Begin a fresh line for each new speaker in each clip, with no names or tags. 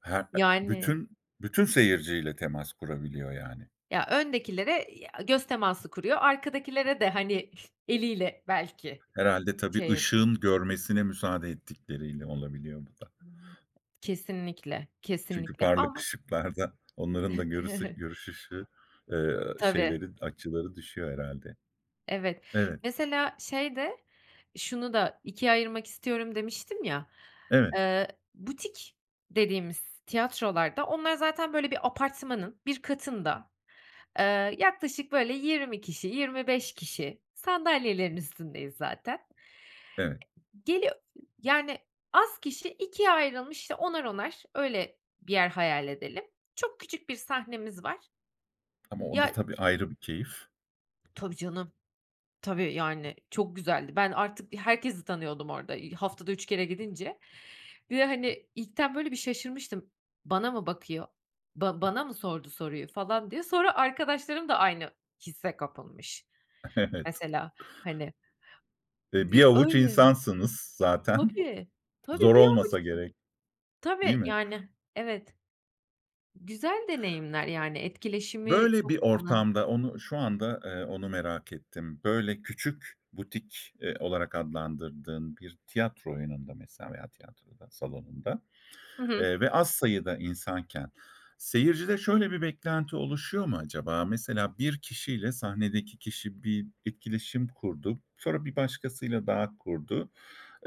Her e
Yani.
bütün, bütün seyirciyle temas kurabiliyor, yani.
Ya, öndekilere, eee, ya göz teması kuruyor, arkadakilere de, hani, eliyle belki,
Herhâlde, tabii
şey yapıyor.
ışığın görmesine müsaade ettikleriyle olabiliyor bu da.
Kesinlikle,
Çünkü
kesinlikle
parlak
ama
ışıklarda onların da görüs ı görüş ışığı, eee,
Tabii.
şeylerin, açıları düşüyor herhâlde.
Evet.
Evet.
Mesela, şeyde, şunu da 2'ye ayırmak istiyorum demiştim ya,
Evet.
ııı, butik dediğimiz tiyatrolarda onlar zaten, böyle, bir apartmanın bir katında, eee, yaklaşık böyle 20 kişi, 25 kişi sandalyelerin üstündeyiz zaten.
Evet.
Geli yani az kişi, 2'ye ayrılmış işte 10'ar 10'ar öyle, bir yer hayal edelim. Çok küçük bir sahnemiz var.
Ama onda,
Ya
tabii, ayrı bir keyif.
Tabii canım. Tabii, yani, çok güzeldi. Ben artık i herkesi tanıyordum orada, iii, haftada 3 kere gidince. Bir de, hani, ilkten böyle bir şaşırmıştım. Bana mı bakıyor, ba bana mı sordu soruyu falan diye. Sonra arkadaşlarım da aynı hisse kapılmış.
Evet.
Mesela, hani
E, bir
Di
avuç
öyle.
insansınız zaten.
Tabii, tabii
Zor
bir
olmasa
avuçsun.
gerek. Değil
Tabii,
mi?
yani evet. Güzel deneyimler yani, etkileşimi
Böyle bir
çok onun.
ortamda onu şu anda, eee, onu merak ettim. Böyle, küçük butik, eee, olarak adlandırdığın bir tiyatro oyununda mesela veya tiyatroda, salonunda,
Hı hı.
eee, ve az sayıda insanken seyircide şöyle bir beklenti oluşuyor mu acaba? Mesela bir kişiyle sahnedeki kişi bir etkileşim kurdu. Sonra bir başkasıyla daha kurdu.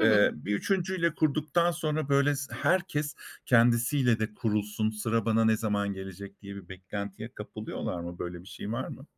Hı hı.
bir 3.'yle kurduktan sonra böyle s herkes kendisiyle de kurulsun, sıra bana ne zaman gelecek diye bir beklentiye kapılıyorlar mı? Böyle bir şey var mı?